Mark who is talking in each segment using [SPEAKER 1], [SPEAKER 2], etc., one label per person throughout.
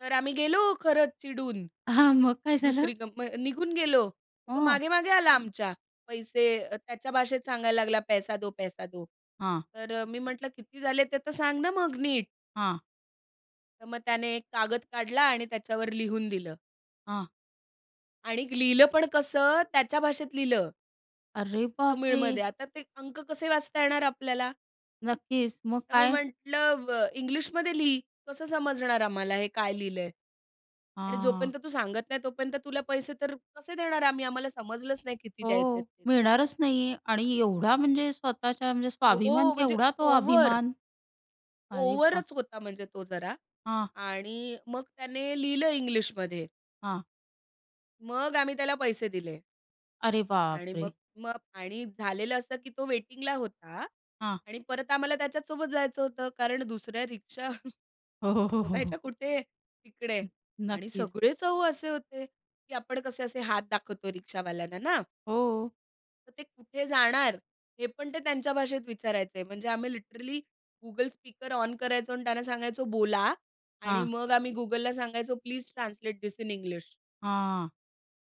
[SPEAKER 1] तर आम्ही गेलो खरंच चिडून.
[SPEAKER 2] हां, मग काय झालं?
[SPEAKER 1] दुसरी कम निघून गेलो. तो
[SPEAKER 2] हं.
[SPEAKER 1] मागे-मागे आला आमच्या. पैसे अ, त्याच्या भाषेत सांगायला लागला, पैसा दो, पैसा दो.
[SPEAKER 2] हां.
[SPEAKER 1] तर अ, मी म्हटलं, "किती झाले ते तर सांग ना मग नीट?"
[SPEAKER 2] हां.
[SPEAKER 1] तर मग त्याने एक कागद काढला आणि त्याच्यावर लिहून दिलं.
[SPEAKER 2] हां.
[SPEAKER 1] आणि लिहिलं पण कसं त्याच्या भाषेत लिहिलं.
[SPEAKER 2] अरे बापरे!
[SPEAKER 1] तमिळमध्ये. आता ते अंक कसे वाचता येणार आपल्याला?
[SPEAKER 2] नक्कीच. मग
[SPEAKER 1] तर मी
[SPEAKER 2] काय?
[SPEAKER 1] म्हटलं, अ, "इंग्लिशमध्ये लिही कसं समजणार आम्हाला हे काय लिहिलंय आणि
[SPEAKER 2] हां.
[SPEAKER 1] जोपर्यंत तू सांगत नाही, तोपर्यंत तुला पैसे तर कसे देणार आहे आम्ही? आम्हाला समजलंच नाही किती द्यायचेत
[SPEAKER 2] हो,
[SPEAKER 1] ते तर."
[SPEAKER 2] मिळणारच नाहीये आणि एवढा म्हणजे स्वतःच्या म्हणजे स्वाभिमान
[SPEAKER 1] हो, म्हणजे
[SPEAKER 2] केवढा तो
[SPEAKER 1] ओव्हर.
[SPEAKER 2] अभिमान. अरे बा
[SPEAKER 1] ओव्हरच होता म्हणजे तो जरा
[SPEAKER 2] हां.
[SPEAKER 1] आणि मग त्याने लिहिलं इंग्लिशमध्ये.
[SPEAKER 2] हां.
[SPEAKER 1] मग आम्ही त्याला पैसे दिले.
[SPEAKER 2] अरे
[SPEAKER 1] आणि मग
[SPEAKER 2] बापरे!
[SPEAKER 1] मग आणि झालेलं असं की तो वेटिंगला होता
[SPEAKER 2] हां.
[SPEAKER 1] आणि परत आम्हाला त्याच्यासोबत जायचं होतं कारण दुसऱ्या रिक्षा
[SPEAKER 2] हो, हो, हो, हो,
[SPEAKER 1] शोधायच्या
[SPEAKER 2] हो.
[SPEAKER 1] कुठे तिकडे?
[SPEAKER 2] हं,
[SPEAKER 1] आणि
[SPEAKER 2] नक्कीच.
[SPEAKER 1] सगळेच अहो असे होते की आपण कसे असे हात दाखवतो रिक्षावाल्यांना, ना.
[SPEAKER 2] हो.
[SPEAKER 1] तर ते कुठे जाणार? हे पण ते त्यांच्या भाषेत विचारायचंय. म्हणजे आम्ही लिटरली Google स्पीकर ऑन करायचो आणि त्यांना सांगायचो, "बोला" आणि
[SPEAKER 2] हां.
[SPEAKER 1] मग आम्ही Googleला सांगायचो, please translate this in English.
[SPEAKER 2] हां.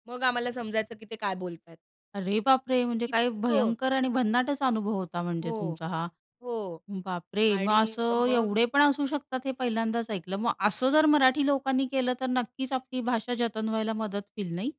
[SPEAKER 1] मग आम्हाला समजायचं की ते काय बोलतायत.
[SPEAKER 2] अरे बापरे! म्हणजे काय
[SPEAKER 1] इतकं.
[SPEAKER 2] भयंकर आणि भन्नाटच अनुभव होता म्हणजे
[SPEAKER 1] हो,
[SPEAKER 2] तुमचा हा.
[SPEAKER 1] हो
[SPEAKER 2] बापरे! मग
[SPEAKER 1] आणि अ,
[SPEAKER 2] असं
[SPEAKER 1] मग
[SPEAKER 2] एवढे पण असू शकतात, हे पहिल्यांदाच ऐकलं. मग असं जर मराठी लोकांनी केलं, तर नक्कीच आपली भाषा जतन व्हायला मदत होईल, नाही?